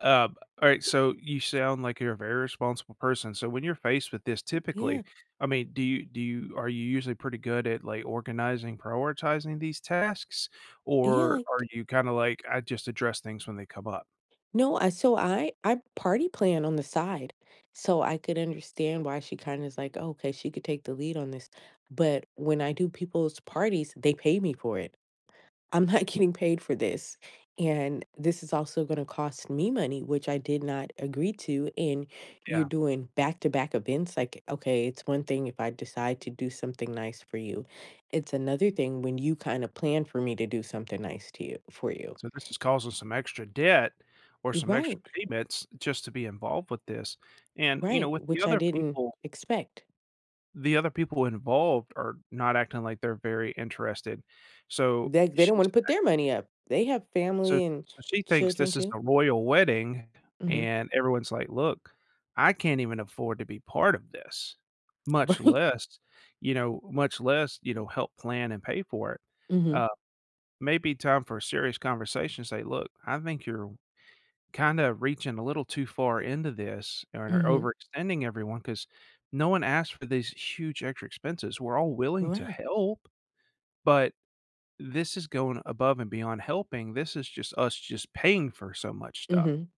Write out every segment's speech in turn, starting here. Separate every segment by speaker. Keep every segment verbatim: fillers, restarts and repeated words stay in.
Speaker 1: Um, alright, so, you sound like you're a very responsible person, so, when you're faced with this,
Speaker 2: M yeah.
Speaker 1: typically I mean, do you do you are you usually pretty good at, like, organizing, prioritizing these tasks,
Speaker 2: Yeah,
Speaker 1: or
Speaker 2: like
Speaker 1: are you kinda like, "I just address things when they come up?"
Speaker 2: No, I so, I I party plan on the side, so, I could understand why she kinda is like, "Okay, she could take the lead on this," but when I do people's parties, they pay me for it. I'm not getting paid for this, and this is also gonna cost me money, which I did not agree to, and you're
Speaker 1: Yeah.
Speaker 2: doing back-to-back events, like, okay, it's one thing if I decide to do something nice for you, it's another thing when you kinda plan for me to do something nice to you for you.
Speaker 1: So, this is causing some extra debt, or
Speaker 2: You
Speaker 1: some extra
Speaker 2: right.
Speaker 1: payments, just to be involved with this, and, you
Speaker 2: Right,
Speaker 1: know, with the
Speaker 2: which I
Speaker 1: other
Speaker 2: didn't
Speaker 1: people
Speaker 2: expect.
Speaker 1: The other people involved are not acting like they're very interested, so,
Speaker 2: They they don't
Speaker 1: she's
Speaker 2: wanna put their
Speaker 1: [unintelligible]
Speaker 2: money up, they have
Speaker 1: So
Speaker 2: family and
Speaker 1: so, she thinks
Speaker 2: children
Speaker 1: this is
Speaker 2: too.
Speaker 1: a royal wedding,
Speaker 2: Mhm.
Speaker 1: and everyone's like, "Look, I can't even afford to be part of this, much
Speaker 2: Right.
Speaker 1: less, you know much less, you know, help plan and pay for it."
Speaker 2: Mhm.
Speaker 1: Uh, maybe time for a serious conversation to say, "Look, I think you're kinda reaching a little too far into this, or
Speaker 2: Mhm.
Speaker 1: overextending everyone 'cause no one asked for these huge extra expenses. We're all willing to
Speaker 2: Right.
Speaker 1: help, but this is going above and beyond helping, this is just us just paying for so much stuff."
Speaker 2: Mhm.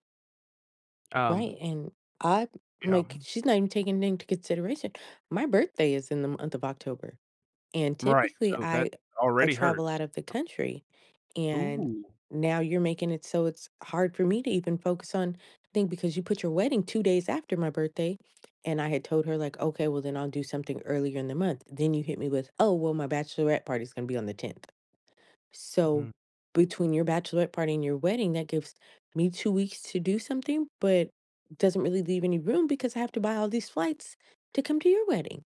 Speaker 1: Um
Speaker 2: Right, and I
Speaker 1: yeah,
Speaker 2: like,
Speaker 1: um
Speaker 2: she's not even taking anyth into consideration. My birthday is in the month of October, and
Speaker 1: Right,
Speaker 2: typically
Speaker 1: so that
Speaker 2: I I
Speaker 1: already
Speaker 2: travel
Speaker 1: hurts
Speaker 2: out of the
Speaker 1: [unintelligible]
Speaker 2: country, and
Speaker 1: Ooh.
Speaker 2: now you're making it so it's hard for me to even focus on thing because you put your wedding two days after my birthday, and I had told her like, "Okay, well, then I'll do something earlier in the month." Then you hit me with, "Oh, well my bachelorette party is going to be on the tenth." So,
Speaker 1: Mm.
Speaker 2: between your bachelorette party and your wedding, that gives me two weeks to do something, but doesn't really leave any room because I have to buy all these flights to come to your wedding.